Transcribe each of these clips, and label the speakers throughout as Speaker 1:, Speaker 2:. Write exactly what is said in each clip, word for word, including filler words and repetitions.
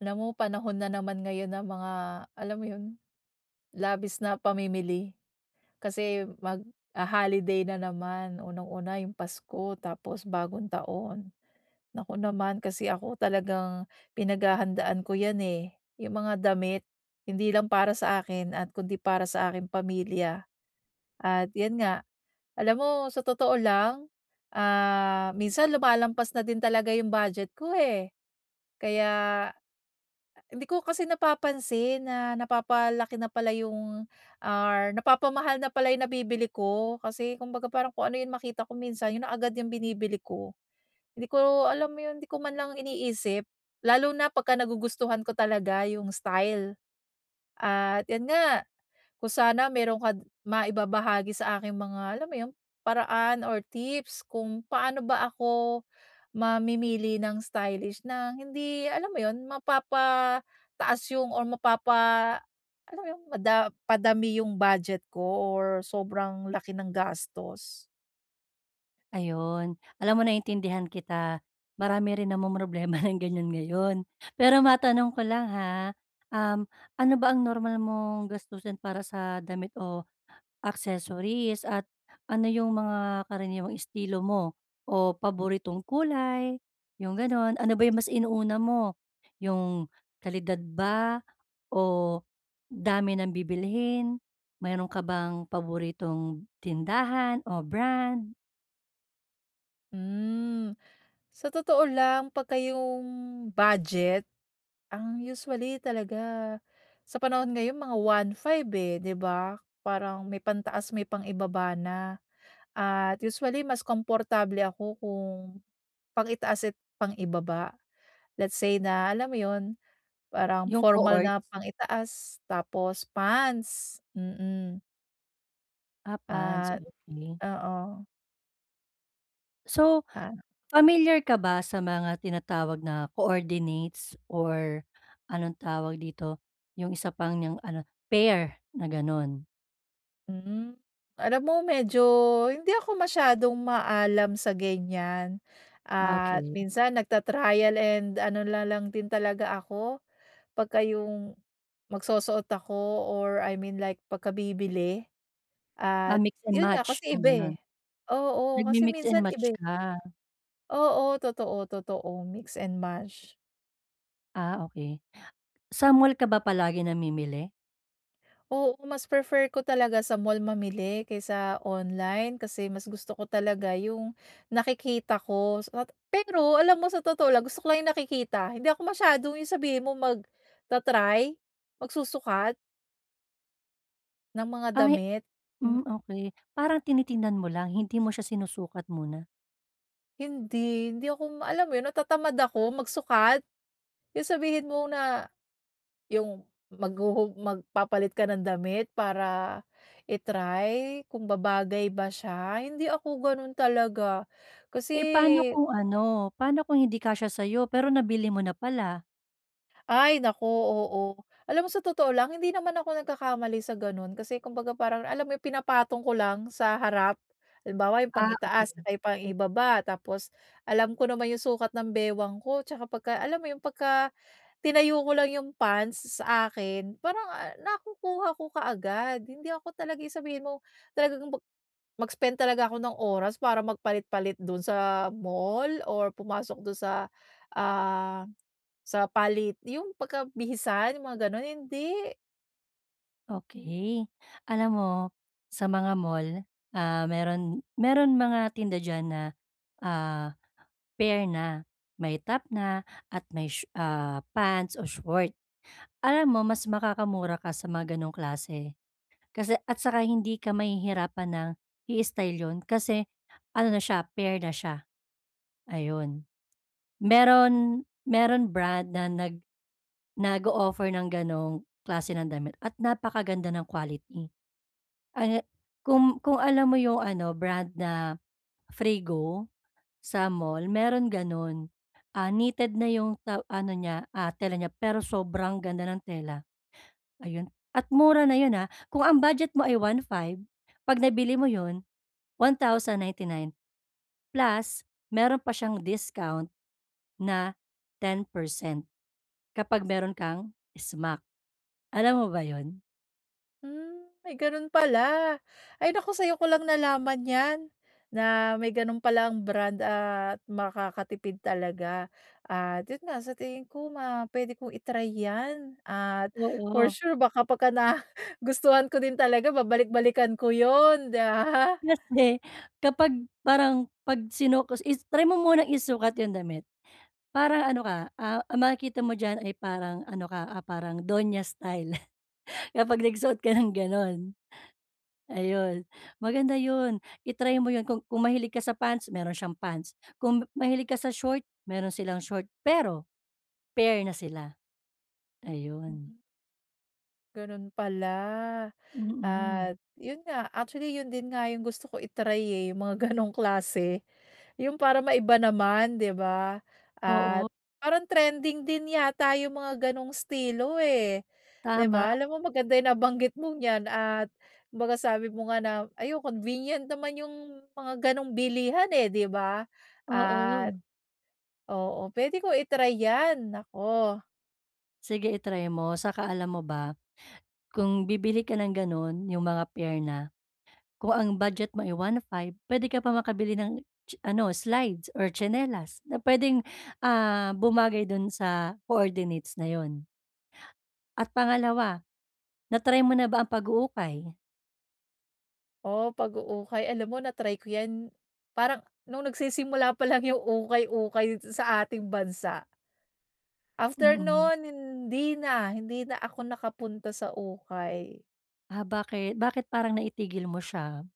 Speaker 1: Alam mo, panahon na naman ngayon ng mga, alam mo 'yon, labis na pamimili. Kasi, magho-holiday na naman, unang-una 'yong pasko tapos bagong taon, naku naman. Kasi ako talagang, pinaghahandaan ko 'yan, eh, 'yong mga damit, hindi lang para sa akin at kundi para sa aking pamilya. At, 'yan nga. Alam mo, sa totoo lang, ah, minsan lumalampas na din talaga 'yong budget ko, eh, kaya hindi ko kasi napapansin na napapalaki na pala 'yong, or napapamahal na pala 'yong nabibili ko kasi, kumbaga parang kung ano 'yong makita ko minsan, 'yon na agad 'yong binibili ko. Hindi ko, alam mo 'yon, 'di ko man lang iniisip, lalo na pagka nagugustuhan ko talaga 'yong style. At 'yan nga, kung sana meron ka maibabahagi sa aking mga, alam mo 'yong, paraan, or tips kung paano ba ako mamimili ng stylish na hindi, alam mo 'yon, mapapataas 'yong or mapapa alam mo 'yon, mada padami 'yong budget ko or sobrang laki ng gastos.
Speaker 2: Ayon. Alam mo naintindihan kita. Marami rin namomroblema ng ganyan ngayon. Pero matanong ko lang, ha, um, ano ba ang normal mong gastusin para sa damit o accessories? At ano 'yong mga karaniwang estilo mo, o paboritong kulay, 'yong gano'n? Ano ba 'yong mas inuuna mo? 'Yong kalidad ba o dami ng bibilhin? Mayro'n ka bang paboritong tindahan o brand?
Speaker 1: Hmm. Sa totoo lang, 'pagka 'yong budget, ang usually talaga sa panahon ngayon mga one five, eh, 'di ba? Parang may pantaas may pang-ibaba na. At usually mas komportable ako kung pang-itaas at pang-ibaba. Let's say na alam mo 'yon, parang
Speaker 2: 'Yong
Speaker 1: formal
Speaker 2: coords?
Speaker 1: na pang-itaas tapos pants. Mm.
Speaker 2: Ah, pants.
Speaker 1: At
Speaker 2: Okey.
Speaker 1: oo.
Speaker 2: So,
Speaker 1: Ah.
Speaker 2: pamilyar ka ba sa mga tinatawag na coordinates, or anong tawag dito, yung isa pang niyang ano, pair na gano'n?
Speaker 1: Hmm. Alam mo medyo, hindi ako masyadong maalam sa ganyan,
Speaker 2: Ah,
Speaker 1: at
Speaker 2: okey.
Speaker 1: minsan nagta-trial and ano na lang din talaga ako, pagka-yong magsusuot ako or I mean like pagkabibili,
Speaker 2: Ah,
Speaker 1: at
Speaker 2: mix and
Speaker 1: 'yon nga
Speaker 2: match
Speaker 1: kasi
Speaker 2: 'yong
Speaker 1: iba, eh.
Speaker 2: gano'n.
Speaker 1: Oo kasi
Speaker 2: Nagmi-mix and
Speaker 1: minsan
Speaker 2: match
Speaker 1: iba.
Speaker 2: ka?
Speaker 1: Oo, totoo, totoo, mix and match.
Speaker 2: Ah, okey. Sa mall ka ba palagi namimili?
Speaker 1: Oo, mas prefer ko talaga sa mall mamili, kaysa online kasi mas gusto ko talaga yung nakikita ko, so nat pero alam mo sa totoo lang gusto ko lang yung nakikita hindi ako masyadong yung sabihin mo, magta-try, magsusukat ng mga
Speaker 2: Ay!
Speaker 1: damit, hmm.
Speaker 2: Hmm, okey. Parang tinitignan mo lang, hindi mo siya sinusukat muna?
Speaker 1: Hindi, hindi ako ma alam 'yon natatamad ako magsukat, yung sabihin mo na yung maghuhu magpapalit ka ng damit para i-try kung babagay ba siya, hindi ako gano'n talaga,
Speaker 2: Eh, paano
Speaker 1: kasi
Speaker 2: kung ano, paano kung hindi kasya sa'yo pero nabili mo na pala?
Speaker 1: Ay, naku oo. Alam mo sa totoo lang hindi naman ako nagkakamali sa gano'n, kasi kumbaga parang alam mo yung pinapatong ko lang sa harap. Halimbawa yung
Speaker 2: Ah, okey.
Speaker 1: pang-itaas ay pang-ibaba tapos alam ko naman yung sukat ng bewang ko 'tsaka pagka alam mo 'yon, pagka tinayo ko lang yung pants sa akin parang, ah, nakukuha ko kaagad. Hindi ako talaga yung sabihin mo talagang mag mag-spend talaga ako ng oras para magpalit-palit do'n sa mall or pumasok do'n sa, ah, sa palit yung pagka bihisan yung mga gano'n, hindi.
Speaker 2: Okey. Alam mo, sa mga mall, ah, mayro'n mayro'n mga tinda diyan na, ah, pair na. May top na at may shoe ah, pants o short, alam mo mas makakamura ka sa mga ganong klase kasi at saka hindi ka mahihirapan ng i-style 'yon, kasi ano na siya pair na siya ayun. Mayro'n mayro'n brand na nag nag-o-offer ng ganong klase ng damit at napakaganda ng quality ana kung kung alam mo 'yong ano brand na Freego sa mall mayro'n gano'n. Ah, knitted na 'yong ta ano niya, ah, tela niya, pero sobrang ganda ng tela. Ayun at mura na 'yon, ah, kung ang budget mo ay one-five, 'pag nabili mo 'yon one thousand ninety-nine plus mayro'n pa siyang discount na ten percent kapag mayro'n kang smack alam mo ba 'yon?
Speaker 1: Hmm, may gano'n pala. Ay naku, sa'yo ko lang nalaman 'yan, na may gano'n palang brand at makakatipid talaga. At 'yon nga, sa tingin ko, ma puwede kong i-try 'yan, at for
Speaker 2: Oo.
Speaker 1: sure baka kapag nagustuhan ko din talaga babalik-balikan ko 'yon, 'di ba?
Speaker 2: Kasi, kapag parang, 'pag sinuk is try mo munang isukat 'yong damit. Parang ano ka, a ang makikita mo diyan ay parang ano ka, ah, parang donya style. Kapag nagsuot ka ng gano'n, ayun. Maganda 'yon, i-try mo 'yon, kung kung mahilig ka sa pants, meron siyang pants, kung ma-mahilig ka sa short meron silang short. Pero, pair na sila. Ayun.
Speaker 1: Mm. Gano'n pala,
Speaker 2: Mm.
Speaker 1: at 'yon nga actually, 'yon din nga 'yong gusto ko i-try eh, 'yong mga ganong klase, 'yong para maiba naman, 'di ba. At,
Speaker 2: Oo.
Speaker 1: parang trending din yata 'yong mga gano'ng estilo, eh, 'di
Speaker 2: Tama.
Speaker 1: ba. Alam mo, maganda 'yong nabanggit mong 'yan at kumbaga sabi mo nga na, ayun, convenient naman 'yong mga gano'ng bilihan, eh, 'di ba. At
Speaker 2: Oo.
Speaker 1: oo puwede ko i-try 'yan, naku.
Speaker 2: Sige i-try mo, saka alam mo ba, kung bibili ka ng gano'n, 'yong mga pair na, kung ang budget mo ay one-five puwede ka pa makabili ng tsi ano, slides or tsinelas na puwedeng, ah, bumagay do'n sa coordinates na 'yon. At pangalawa, na-try mo na ba ang pag-uukay?
Speaker 1: Oo, pag-uukay, alam mo, na-try ko yan. Parang nung nagsisimula pa lang yung ukay-ukay sa ating bansa. After
Speaker 2: Mm.
Speaker 1: no'n, hindi na, hindi na ako nakapunta sa ukay.
Speaker 2: Ah, bakit bakit parang naitigil mo siya?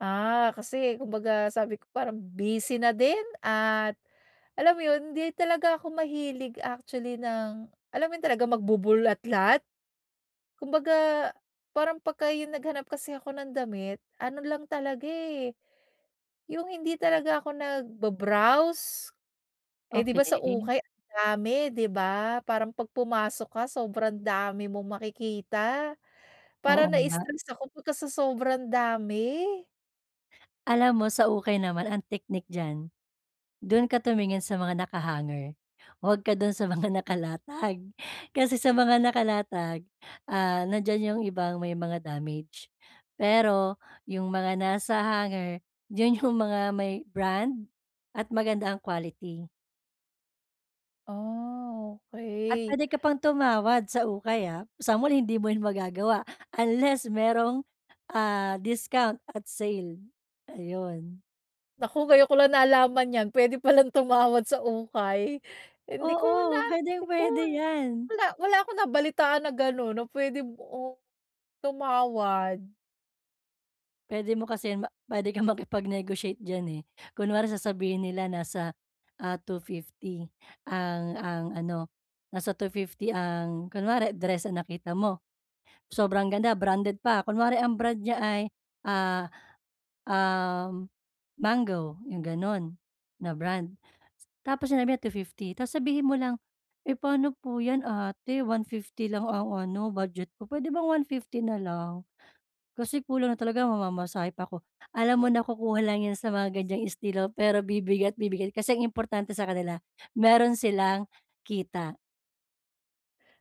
Speaker 1: Ah, kasi kumbaga sabi ko, parang busy na din, at alam mo yun, hindi talaga ako mahilig actually ng alam mo yun, talaga magbubulatlat? Kumbaga, parang pagka 'yong naghanap kasi ako ng damit, ano lang talaga eh, yung hindi talaga ako nagba-browse. Eh, 'di ba sa
Speaker 2: Okey.
Speaker 1: ukay ang dami, 'di ba? Parang 'pag pumasok ka, sobrang dami mong makikita parang
Speaker 2: Oo nga.
Speaker 1: na-stress ako pagka sa sobrang dami.
Speaker 2: Alam mo sa ukay naman ang technique diyan, do'n ka tumingin sa mga naka-hanger, huwag ka do'n sa mga nakalatag. Kasi sa mga nakalatag, ah, nandiyan yung ibang may mga damage, pero yung mga nasa hanger 'yon yung mga may Brand at maganda ang quality.
Speaker 1: Ah,
Speaker 2: At
Speaker 1: okey.
Speaker 2: puwede ka pang tumawad sa ukay, ah, sa mall hindi mo yan magagawa, unless mayro'ng, ah, discount at sale, ayun.
Speaker 1: Naku! Ngayon ko lang nalaman yan, puwede pa lang tumawad sa ukay. Hindi ko na
Speaker 2: Oo, puwedeng
Speaker 1: hindi ko
Speaker 2: puwede yan!
Speaker 1: wala, wala akong nabalitaan na gano'n na puwede, oh, tumawad.
Speaker 2: Puwede mo kasi yan ma puwede kang makipag-negotiate diyan, eh, kunwari sasabihin nila nasa, ah, two-fifty ang ang ano nasa two-fifty ang kunware dress ang nakita mo, sobrang ganda branded pa, kunware ang brand niya ay, ah, um, Mango, 'yong gano'n na brand. Tapos sinabi niya two-fifty, tapos sabihin mo lang, "eh, pa'no po 'yan ate one-fifty lang ang ano budget ko, puwede bang one-fifty na lang? Kasi kulang na talaga mamamasahe pa ako." Alam mo nakukuha lang yan sa mga ganyang estilo pero bibigay at bibigay kasi ang importante sa kanila mayro'n silang kita.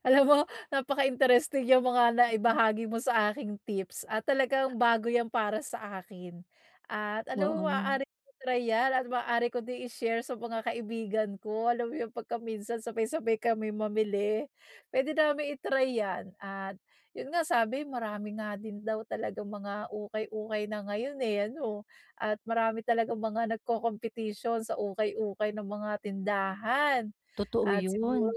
Speaker 1: Alam mo napaka-interesting 'yang mga
Speaker 2: Mm.
Speaker 1: naibahagi mo sa aking tips at talagang bago 'yan para sa akin. At alam mo,
Speaker 2: Oo.
Speaker 1: maaari kong i-try 'yan at maaari ko din i-share sa mga kaibigan ko. Alam mo 'yong 'pagka minsan sabay-sabay kami mamili. Puwede namin i-try 'yan. At, 'yon nga, sabi marami nga din daw talagang mga ukay-ukay na ngayon, eh, ano? At marami talagang mga nagkokompetisyon sa ukay-ukay ng mga tindahan.
Speaker 2: Totoo
Speaker 1: At siguro
Speaker 2: 'yon.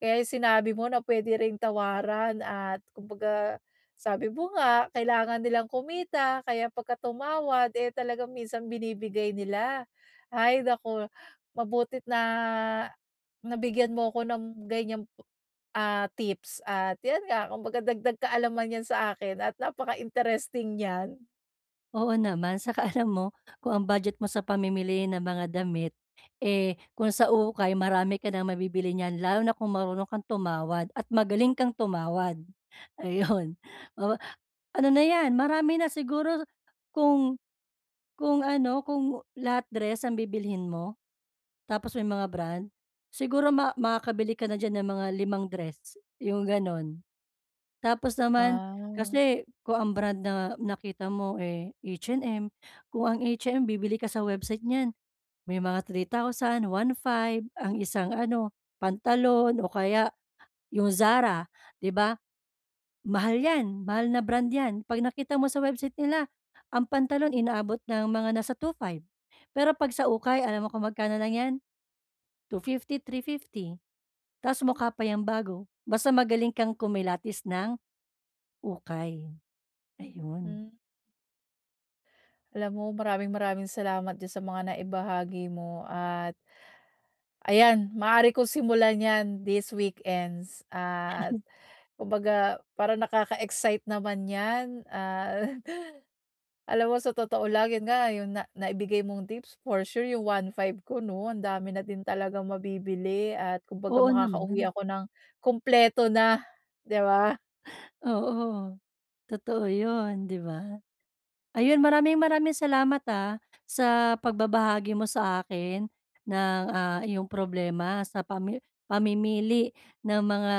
Speaker 1: kaya 'yong sinabi mo na puwede ring tawaran at kumbaga sabi mo nga, kailangan nilang kumita kaya 'pagka tumawad, eh, talagang minsan binibigay nila. Ay, nako, mabuti't na nabigyan mo ako ng ganiyang po ah, tips. At ayan nga, kumbaga dagdag kaalaman 'yan sa akin at napaka-interesting niyan.
Speaker 2: Oo naman. 'Tsaka alam mo, kung ang budget mo sa pamimili ng mga damit, eh, kung sa ukay marami ka nang mabibili niyan, lalo na kung marunong kang tumawad at magaling kang tumawad. Ayon. Oo ano na 'yan, marami na siguro kung kung ano, kung lahat dress ang bibilhin mo? Tapos may mga brand? Siguro ma makakabili ka na diyan ng mga limang dress, 'yong gano'n. Tapos naman
Speaker 1: Ah.
Speaker 2: kasi kung ang brand na nakita mo, eh, H&M, kung ang H-M bibili ka sa website niyan, may mga three thousand, one-five ang isang ano, pantalon o kaya 'yong Zara, 'di ba? Mahal 'yan. Mahal na brand 'yan, 'pag nakita mo sa website nila ang pantalon inaabot ng mga nasa two-five. Pero 'pag sa ukay, alam mo kung magkano lang 'yan? two-fifty, three-fifty. Tapos mukha pa 'yang bago, basta magaling kang kumilatis ng ukay. Ayun.
Speaker 1: Mm. Alam mo, maraming maraming salamat diyan sa mga naibahagi mo at, ayan, maaari ko simulan 'yan this weekends at kumbaga parang nakaka-excite naman 'yan. Ah, alam mo sa totoo lang, 'yan nga, 'yong na naibigay mong tips for sure 'yong one-five ko, 'no, ang dami na din talagang mabibili at kumbaga
Speaker 2: Oo
Speaker 1: makakauwi
Speaker 2: naman.
Speaker 1: ako nang kumpleto na, 'di ba?
Speaker 2: Oo, totoo 'yon, 'di ba? Ayun, maraming maraming salamat, ah, sa pagbabahagi mo sa akin ng, ah, iyong problema sa pami pamimili ng mga,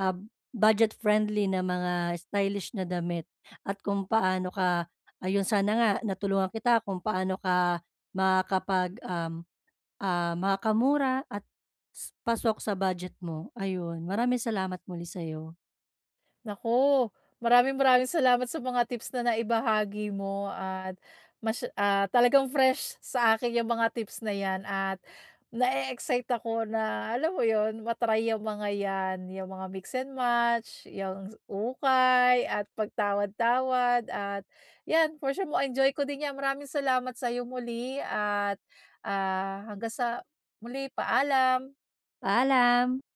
Speaker 2: ah, budget-friendly na mga stylish na damit at kung paano ka Ayun, sana nga natulungan kita kung paano ka makakapag um, ah, makakamura at s pasok sa budget mo. Ayun, maraming salamat muli sa'yo.
Speaker 1: Naku, maraming maraming salamat sa mga tips na naibahagi mo, at mas ah, talagang fresh sa akin 'yong mga tips na 'yan at nae-excite ako na, alam mo 'yon, ma-try 'yong mga yan, 'yong mga mix and match, 'yang ukay, at pagtawad-tawad at 'yan, for sure ma-enjoy ko din 'yan. Maraming salamat sa 'yo muli at, ah, hanggang sa muli. Paalam.
Speaker 2: Paalam!